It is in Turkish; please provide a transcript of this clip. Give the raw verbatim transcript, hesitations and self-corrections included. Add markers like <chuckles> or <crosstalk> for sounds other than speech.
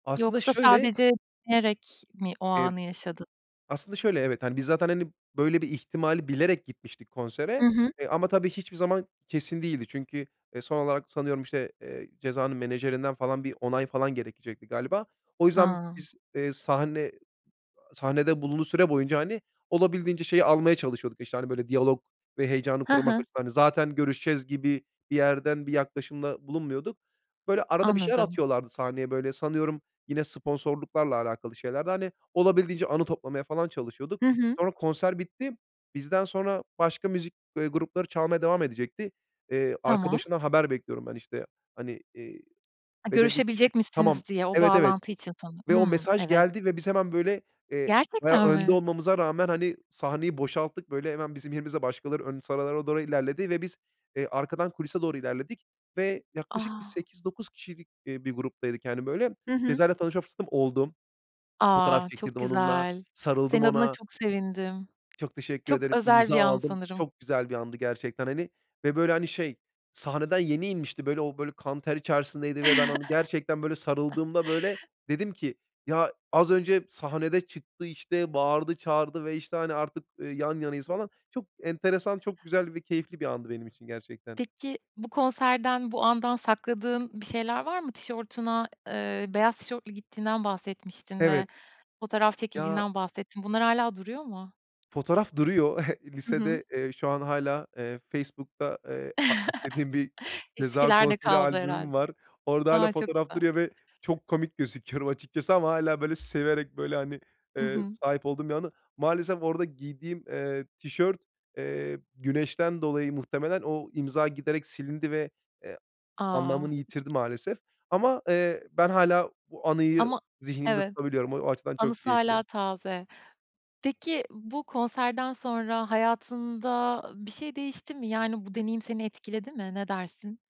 Aslında Yoksa şöyle sadece <unintelligible> mi o ep anı yaşadın? aslında şöyle, evet, hani, biz zaten, hani, böyle bir ihtimali bilerek gitmiştik konsere. Hı hı. E, ama tabii hiçbir zaman kesin değildi. Çünkü e son olarak, sanıyorum, işte, eee, Ceza'nın menajerinden, falan, bir onay, falan, gerekecekti galiba. O yüzden Ha. biz, ııı, sahne ı sahnede bulunduğu süre boyunca, hani, olabildiğince şeyi almaya çalışıyorduk, işte, hani, böyle, diyalog ve heyecanı Hı korumak hı. açısından. Hani, zaten görüşeceğiz gibi bir yerden bir yaklaşımda bulunmuyorduk. Böyle, arada bir şeyler Anladım. atıyorlardı sahneye, böyle, sanıyorum, yine sponsorluklarla alakalı şeylerdi, hani. Olabildiğince anı toplamaya, falan, çalışıyorduk. Hı hı. Sonra konser bitti. Bizden sonra başka müzik, ııı, grupları çalmaya devam edecekti. Eee, Tamam. arkadaşından haber bekliyorum ben, işte, hani, eee, A, ve dedik, işte, "Görüşebilecek "Tamam, misiniz?" diye o evet, evet." bağlantı için sanırım Ve o Hımm, mesaj evet. geldi ve biz hemen, böyle, eee, bayağı Gerçekten önde mi? olmamıza rağmen, hani, sahneyi boşalttık, böyle, hemen bizim yerimizde başkaları ön sıralara doğru ilerledi ve biz, eee, arkadan kulise doğru ilerledik. Ve yaklaşık bir A! sekiz dokuz kişilik, iii, bir gruptaydık, hani, böyle. Hı hı. Ceza'yla tanışma fırsatım oldu. Fotoğraf A, çok çektirdim onunla, güzel. sarıldım Senin adına ona. çok sevindim. Çok teşekkür Çok ederim, özel imza bir an aldım. sanırım. Çok güzel bir andı gerçekten, hani. Ve böyle, hani, şey, sahneden yeni inmişti. Böyle, o böyle kan ter içerisindeydi ve ben onu gerçekten böyle <chuckles> sarıldığımda, böyle, dedim ki: "Ya, az önce sahnede çıktı, işte, bağırdı çağırdı ve işte, hani, artık, ııı, yan yanayız, falan." Çok enteresan, çok güzel ve keyifli bir andı benim için gerçekten. Peki, bu konserden, bu andan sakladığın bir şeyler var mı? tişortuna, ııı, beyaz tişörtlü gittiğinden bahsetmiştin ve Evet. fotoğraf Ya çekildiğinden bahsettin. Bunlar hâlâ duruyor mu? Fotoğraf duruyor. <chuckles> Hı hı. Lisede, eee, şu an hâlâ, eee, Facebook'ta, eee, arşivlediğim bir <chuckles> Ceza Eskilerde konseri kaldı herhâlde. albümüm var. Orada hâlâ A, çok fotoğraf güzel! duruyor ve çok komik gözüküyorum açıkçası ama hâlâ, böyle, severek, böyle, hani, Hı ııı, hı. sahip olduğum bir anı. Maalesef orada giydiğim, eee, tişört, eee, güneşten dolayı muhtemelen o imza giderek silindi ve, eee, A! anlamını yitirdi maalesef. Ama, eee, ben hâlâ bu anıyı Ama zihnimde Evet, tutabiliyorum. O açıdan çok anısı hâlâ keyifli. taze. Peki, bu konserden sonra hayatında ı bir şey değişti mi? Yani, bu deneyim seni etkiledi mi? Ne dersin?